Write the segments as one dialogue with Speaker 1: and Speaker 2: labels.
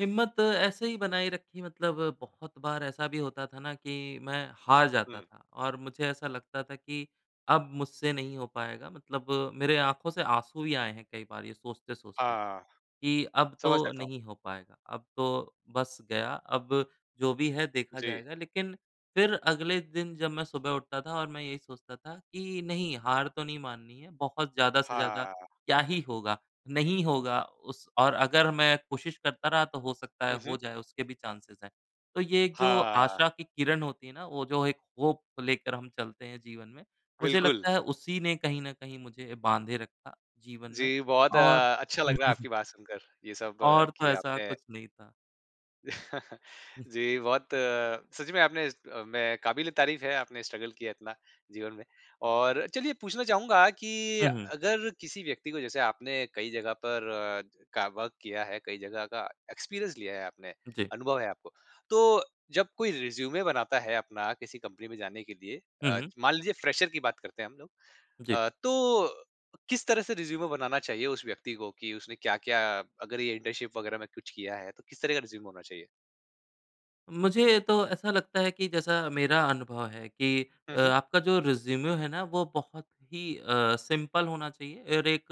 Speaker 1: हिम्मत ऐसे ही बनाई रखी मतलब बहुत बार ऐसा भी होता था ना कि मैं हार जाता
Speaker 2: हुँ।
Speaker 1: था और मुझे ऐसा लगता था कि, अब मुझसे नहीं हो पाएगा मतलब मेरे आँखों से आँसू भी आए हैं कई बार ये सोचते-सोचते,
Speaker 2: हाँ।
Speaker 1: कि अब
Speaker 2: समझ
Speaker 1: तो
Speaker 2: सकता हूँ।
Speaker 1: नहीं हो पाएगा, अब तो बस गया, अब जो भी है देखा
Speaker 2: जी।
Speaker 1: जाएगा। लेकिन फिर अगले दिन जब मैं सुबह उठता था और मैं यही सोचता था कि नहीं हार तो नहीं माननी है, बहुत ज़्यादा से ज़्यादा
Speaker 2: हाँ।
Speaker 1: क्या ही होगा, नहीं होगा उस और अगर मैं कोशिश करता रहा तो हो सकता है
Speaker 2: हुँ, हुँ।
Speaker 1: हो जाए उसके भी चाँसेज़ हैं। तो ये जो
Speaker 2: हाँ।
Speaker 1: आशा की किरण होती है ना, वो जो एक होप लेकर हम चलते हैं जीवन में मुझे
Speaker 2: बिल्कुल।
Speaker 1: लगता है उसी ने कहीं न कहीं मुझे बाँधे रखा जीवन में
Speaker 2: जी, बहुत
Speaker 1: और
Speaker 2: अ, अच्छा लग रहा है आपकी बात सुनकर। ये सब
Speaker 1: और तो
Speaker 2: कि
Speaker 1: ऐसा
Speaker 2: आपने
Speaker 1: कुछ नहीं था। हुँ।
Speaker 2: जी, बहुत सच में आपने अ, में काबिल-ए-तारीफ़ है आपने स्ट्रगल किया इतना जीवन में। और चलिए पूछना चाहूँगा कि
Speaker 1: हुँ, हुँ।
Speaker 2: अगर किसी व्यक्ति को जैसे आपने कई जगह पर का वर्क किया है, कई जगह का एक्सपीरियंस लिया है आपने,
Speaker 1: जी।
Speaker 2: अनुभव है आपको। तो जब कोई रिज़्यूमे बनाता है अपना किसी कंपनी में जाने के लिए
Speaker 1: हुँ,
Speaker 2: अ,
Speaker 1: हुँ।
Speaker 2: मान लीजिए फ्रेशर की बात करते हैं हम लोग
Speaker 1: जी।
Speaker 2: अ, तो किस तरह से रिज़्यूमे बनाना चाहिए उस व्यक्ति को कि उसने क्या-क्या अगर ये इंटर्नशिप वगैरह में कुछ किया है तो किस तरह का रिज़्यूमे होना चाहिए?
Speaker 1: मुझे तो ऐसा लगता है कि जैसा मेरा अनुभव है कि
Speaker 2: हुँ,
Speaker 1: अ,
Speaker 2: हुँ।
Speaker 1: आपका जो रिज़्यूमे है ना वो बहुत ही अ, सिंपल होना चाहिए और एक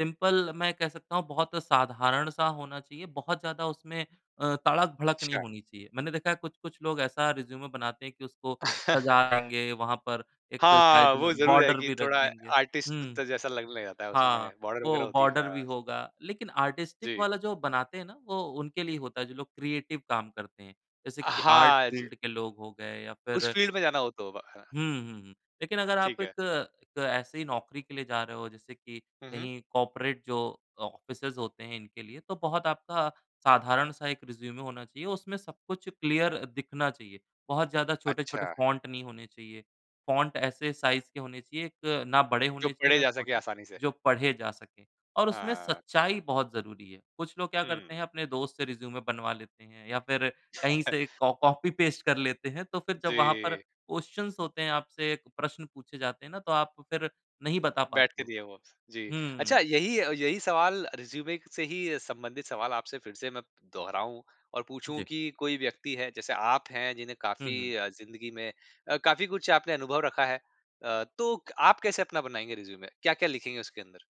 Speaker 1: सिंपल मैं कह सकता हूँ बहुत साधारण-सा होना चाहिए, बहुत ज़्यादा उसमें अ, तड़क-भड़क नहीं
Speaker 2: अच्छा।
Speaker 1: होनी चाहिए। मैंने देखा है कुछ-कुछ लोग ऐसा रिज़्यूमे बनाते हैं कि उसको सजाएँगे, वहाँ पर एक
Speaker 2: हाँ,
Speaker 1: साइड
Speaker 2: वो
Speaker 1: में
Speaker 2: ज़रूर है
Speaker 1: बॉर्डर
Speaker 2: कि
Speaker 1: भी रख
Speaker 2: थोड़ा
Speaker 1: देंगे।
Speaker 2: आर्टिस्ट
Speaker 1: हुँ
Speaker 2: त जैसा लगने लग जाता है,
Speaker 1: हाँ,
Speaker 2: उसमें बॉर्डर वग़ैरह
Speaker 1: वो
Speaker 2: होती है।
Speaker 1: बॉर्डर भी
Speaker 2: हाँ।
Speaker 1: होगा, लेकिन आर्टिस्टिक
Speaker 2: जी।
Speaker 1: वाला जो बनाते हैं ना वो उनके लिए होता है जो लोग क्रिएटिव काम करते हैं जैसे कि आर्ट
Speaker 2: हाँ ज
Speaker 1: फ़ील्ड के लोग हो गए या
Speaker 2: उस
Speaker 1: फिर
Speaker 2: फ़ील्ड में जाना हो तो ब ह
Speaker 1: हुँ, हुँ, हुँ। लेकिन अगर आप
Speaker 2: ठीक
Speaker 1: एक
Speaker 2: है।
Speaker 1: एक ऐसी नौकरी के लिए जा रहे हो जैसे कि
Speaker 2: हुँ, हुँ।
Speaker 1: कहीं कॉर्पोरेट जो ऑफिसेज़ होते हैं इनके लिए तो बहुत आपका साधारण-सा एक रिज़्यूमे होना चाहिए, उसमें सब कुछ क्लियर दिखना चाहिए। बहुत ज़्यादा छोटे-छोटे
Speaker 2: अच्छा।
Speaker 1: फॉन्ट नहीं होने चाहिए, फॉन्ट ऐसे साइज़ के होने चाहिए एक ना बड़े
Speaker 2: जो
Speaker 1: होने चाहिए
Speaker 2: पढ़े
Speaker 1: ना
Speaker 2: जा सके
Speaker 1: छोटे
Speaker 2: आसानी से।
Speaker 1: जो पढ़े जा सकें और उसमें
Speaker 2: हाँ।
Speaker 1: सच्चाई बहुत ज़रूरी है। कुछ लोग क्या करते
Speaker 2: हुँ।
Speaker 1: हैं अपने दोस्त से रिज़्यूमे बनवा लेते हैं या फिर कहीं से कॉ कॉपी-पेस्ट कर लेते हैं तो फिर जब वहाँ पर
Speaker 2: जी।
Speaker 1: क्वेश्चन्स होते हैं, आपसे प्रश्न पूछे जाते हैं ना तो आप फिर नहीं बता
Speaker 2: बैठ
Speaker 1: पाते
Speaker 2: के
Speaker 1: हो।
Speaker 2: दिए वो, जी।
Speaker 1: हुँ।
Speaker 2: अच्छा यही यही सवाल रिज़्यूमे से ही संबंधित सवाल आपसे फिर से मैं प दोहराऊँ और पूछूँ
Speaker 1: जी।
Speaker 2: कि कोई व्यक्ति है जैसे आप हैं जिन्हें
Speaker 1: हुँ, हुँ।
Speaker 2: काफ़ी अ, जिंदगी में अ, काफ़ी कुछ आपने अनुभव रखा है। अ, तो क आप कैसे अपना बनाएँगे रिज़्यूमे? क्या-क्या लिखेंगे उसके अंदर?